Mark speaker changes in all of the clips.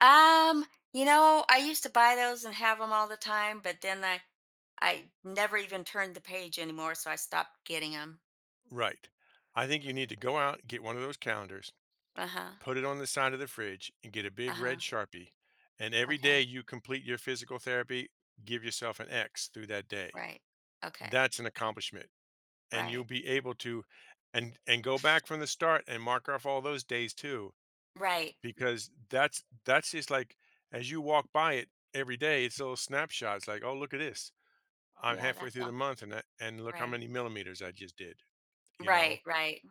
Speaker 1: Um, you know, I used to buy those and have them all the time, but then I I never even turned the page anymore so I stopped getting 'em.
Speaker 2: Right. I think you need to go out and get one of those calendars,
Speaker 1: Uh-huh.
Speaker 2: put it on the side of the fridge and get a big red
Speaker 1: Uh-huh.
Speaker 2: Sharpie, and every day
Speaker 1: Okay.
Speaker 2: you complete your physical therapy, give yourself an X through that day.
Speaker 1: Right, okay.
Speaker 2: That's an accomplishment, and
Speaker 1: Right.
Speaker 2: you'll be able to and and go back from the start and mark off all those days too
Speaker 1: Right.
Speaker 2: because that's that's just like, as you walk by it every day, it's a little snapshot, it's like, "Oh look at this. I'm
Speaker 1: Yeah,
Speaker 2: halfway
Speaker 1: that's
Speaker 2: through the
Speaker 1: all
Speaker 2: month and i and look how
Speaker 1: Right.
Speaker 2: many millimeters I just did," you
Speaker 1: Right,
Speaker 2: know?
Speaker 1: right.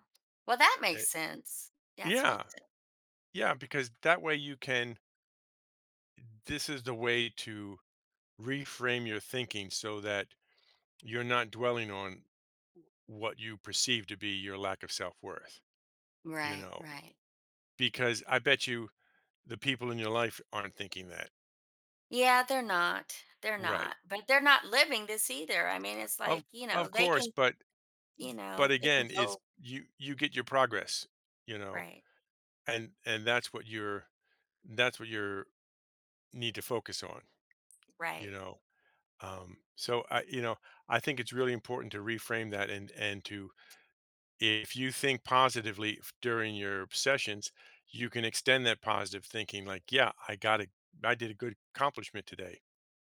Speaker 1: Well, that makes
Speaker 2: It
Speaker 1: sense. That explains
Speaker 2: Yeah.
Speaker 1: it.
Speaker 2: Yeah, because that way you can Eh, this is the way to reframe your thinking so that you're not dwelling on what you perceive to be your lack of self worth, you
Speaker 1: Right,
Speaker 2: know?
Speaker 1: right.
Speaker 2: Because, I bet you, the people in your life aren't thinking that.
Speaker 1: Yeah, they're not they're
Speaker 2: Right.
Speaker 1: not, but they're not living this either, I mean, it's
Speaker 2: Of
Speaker 1: like, you know,
Speaker 2: of
Speaker 1: they
Speaker 2: course
Speaker 1: can
Speaker 2: but
Speaker 1: you
Speaker 2: but
Speaker 1: know they can
Speaker 2: again, it's
Speaker 1: go
Speaker 2: you you get your progress, you know,
Speaker 1: Right.
Speaker 2: and and that's what your that's what your need to focus on, you
Speaker 1: Right.
Speaker 2: know? Um, so, uh, you know, I think it's really important to reframe that and and to if you think positively f during your sessions, you can extend that positive thinking like, "Yeah, I got I did a good accomplishment today."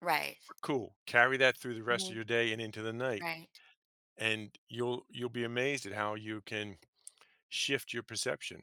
Speaker 1: Right.
Speaker 2: Cool, carry that through the rest of
Speaker 1: Mhm.
Speaker 2: your day and into the night,
Speaker 1: Right.
Speaker 2: and you'll you'll be amazed at how you can shift your perception.